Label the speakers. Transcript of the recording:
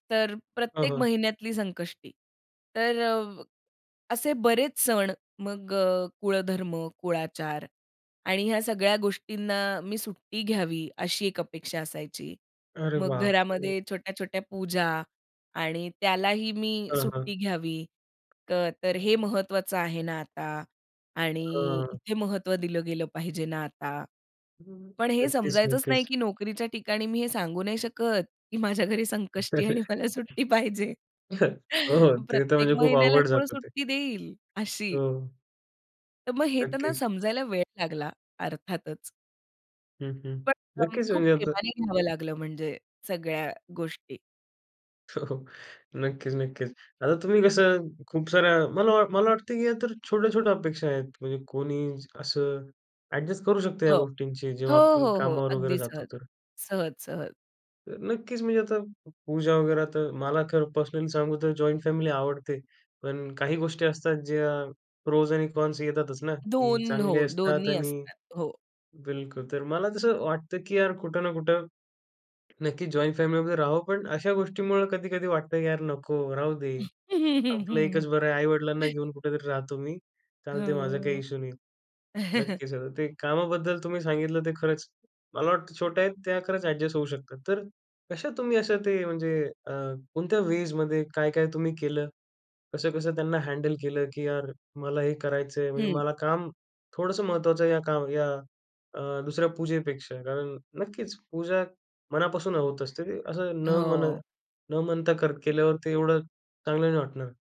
Speaker 1: तर
Speaker 2: हं,
Speaker 1: प्रत्येक
Speaker 2: हं.
Speaker 1: महिन्यातली संकष्टी तर अ, असे बरेच सण, मग अ, कुळधर्म, कुळाचार आणि ह्या सगळ्या गोष्टींना मी सुट्टी घ्यावी, अशी एक अपेक्षा असायची.
Speaker 2: अरे
Speaker 1: मग
Speaker 2: बाप रे!
Speaker 1: घरामध्ये छोट्या-छोट्या पूजा आणि त्यालाही मी
Speaker 2: हां, हां.
Speaker 1: सुट्टी घ्यावी, तर हे महत्त्वाचं आहे ना आता आणि
Speaker 2: हां.
Speaker 1: इथे महत्त्व दिलं गेलं पाहिजे ना आता. पण हे
Speaker 2: नक्कीच,
Speaker 1: समजायचंच नाही,
Speaker 2: नक्कीच.
Speaker 1: की नोकरीच्या ठिकाणी मी हे सांगू नाही शकत की माझ्या घरी संकष्टी आहे आणि मला सुट्टी पाहिजे,
Speaker 2: हो, हो, ते तर
Speaker 1: प्रत्येक
Speaker 2: म्हणजे खूप
Speaker 1: महिन्याला
Speaker 2: अवघड
Speaker 1: कोण
Speaker 2: जातं ते.
Speaker 1: सुट्टी देईल, अशी?
Speaker 2: हो.
Speaker 1: तर मग हे त्यांना
Speaker 2: नक्कीच.
Speaker 1: समजायला वेळ लागला, अर्थातच.
Speaker 2: हं, हं,
Speaker 1: पण [unintelligible]
Speaker 2: नक्कीच,
Speaker 1: खूप
Speaker 2: म्हणजे आता
Speaker 1: प्रेमाने घ्यावं लागलं, म्हणजे सगळ्या गोष्टी.
Speaker 2: हो, हो. नक्कीच नक्कीच. आता तुम्ही कसं, खूप साऱ्या मला मला वाटतं, की या तर छोट्या-छोट्या अपेक्षा आहेत. म्हणजे कोणी असं ॲडजस्ट करू शकतो
Speaker 1: हो.
Speaker 2: या गोष्टींशी,
Speaker 1: हो,
Speaker 2: जेव्हा आपण
Speaker 1: हो, हो
Speaker 2: कामावर वगैरे
Speaker 1: अगदी
Speaker 2: जातो,
Speaker 1: सहज,
Speaker 2: तर.
Speaker 1: सहज, सहज.
Speaker 2: नक्कीच, म्हणजे आता पूजा वगैरे तर मला खरं पर्सनली सांगू तर जॉइंट फॅमिली आवडते. पण काही गोष्टी असतात, ज्या प्रोज आणि कॉन्स येतातच ना, की
Speaker 1: 2
Speaker 2: चांगले
Speaker 1: हो,
Speaker 2: असतात
Speaker 1: दोन्ही
Speaker 2: आणि
Speaker 1: असतात हो.
Speaker 2: बिलकुल तर मला तसं वाटतं, की यार कुठं ना कुठं, नक्की जॉइंट फॅमिली मध्ये राहाव, पण अशा गोष्टींमुळे कधी-कधी वाटतं, की यार नको राहू दे. आपलं एकच बरं आहे. आई-वडिलांना घेऊन कुठेतरी राहतो मी. चालते ते माझा काही
Speaker 1: हं.
Speaker 2: इश्यू नाही. नक्कीच ते कामाबद्दल तुम्ही सांगितलं, ते खरंच मला वाटतं, छोट्या आहेत त्या खरंच ॲडजस्ट होऊ शकतात. तर कशा तुम्ही असं ते म्हणजे अ, कोणत्या वेजमध्ये काय-काय तुम्ही केलं? कसं-कसं त्यांना हँडल केलं, की यार मला हे करायचंय, म्हणजे
Speaker 1: हं.
Speaker 2: मला काम थोडंसं महत्वाचं आहे या काम या अ, दुसऱ्या पूजेपेक्षा, कारण नक्कीच पूजा मनापासून होत असते, असं न म्हण
Speaker 1: हो.
Speaker 2: न म्हणता कर केल्यावर ते एवढं चांगलं नाही वाटणार.